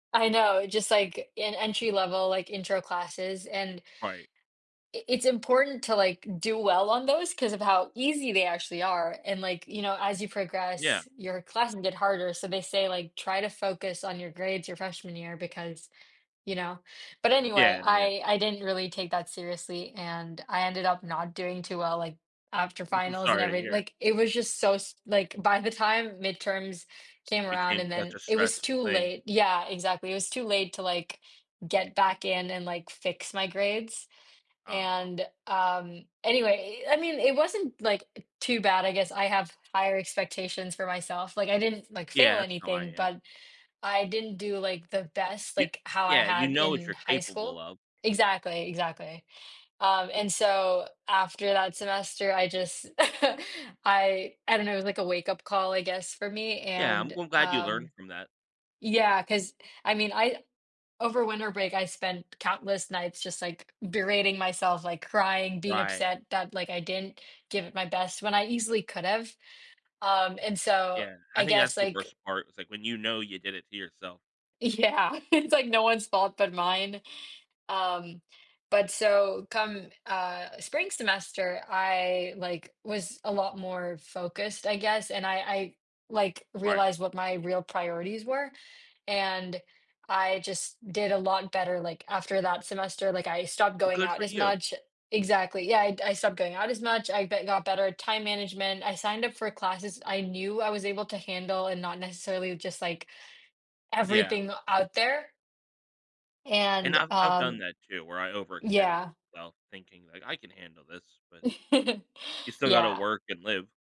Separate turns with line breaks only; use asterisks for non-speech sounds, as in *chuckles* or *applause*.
I know, it's just, like, an entry-level, like, intro classes and
Right.
i it's important to, like, do well on those 'cause of how easy they actually are and like, you know, as you
Yeah.
progress your classes get harder, so they say, like, try to focus on your grades your freshman year because, you know but
Yeah,
anyway,
I mean,
I
it's
I didn't really take that seriously and I ended up not doing too well, like, after
M I'm
finals and
sorry to
every
hear.
like, it was just so s like, by the time midterms came around
Became
and
such
then,
a
it was
stressful
too
thing.
late yeah, exactly, it was too late to, like, get back in and, like, fix my grades
Aw.
and, um, anyway I mean, it wasn't, like, too bad, I guess I have higher expectations for myself, like, I didn't, like, fail
Yeah, that's how I
anything,
am.
but I didn't do, like, the best
You
like, how I
yeah, you
had
know what
in
you're
high
capable
school
of.
Exactly, exactly, um, and so after that semester, I just *laughs* I I don't know, it was, like, a wake-up call, I guess, for me,
Yeah, I'm
and
g glad you learned
um
from that.
Yeah, 'cause I mean I over winter break I spent countless nights just, like, berating myself, like, crying, being
Right.
upset that, like, I didn't give it my best when I easily could have, um, and so,
Yeah, I
I
think
guess,
that's the
like
worst part, was like, when you know you did it to yourself.
Yeah, *chuckles* it's, like, no one's fault but mine, um, but so, come, uh, spring semester, I like, was a lot more focused, I guess, and I I, like,
Right.
realized what my real priorities were, and I just did a lot better, like, after that semester, like, I stopped
Well,
going
good
out
for
as
you.
much exactly, yeah, I I stopped going out as much, I be got better at time management, I signed up for classes I knew I was able to handle and not necessarily just, like,
Yeah.
everything out there.
And
And,
I've I've done
um
that too, where I overextended
Yeah.
myself, thinking, like, "I can handle this," but
*chuckles*
you still gotta
Yeah.
work and live.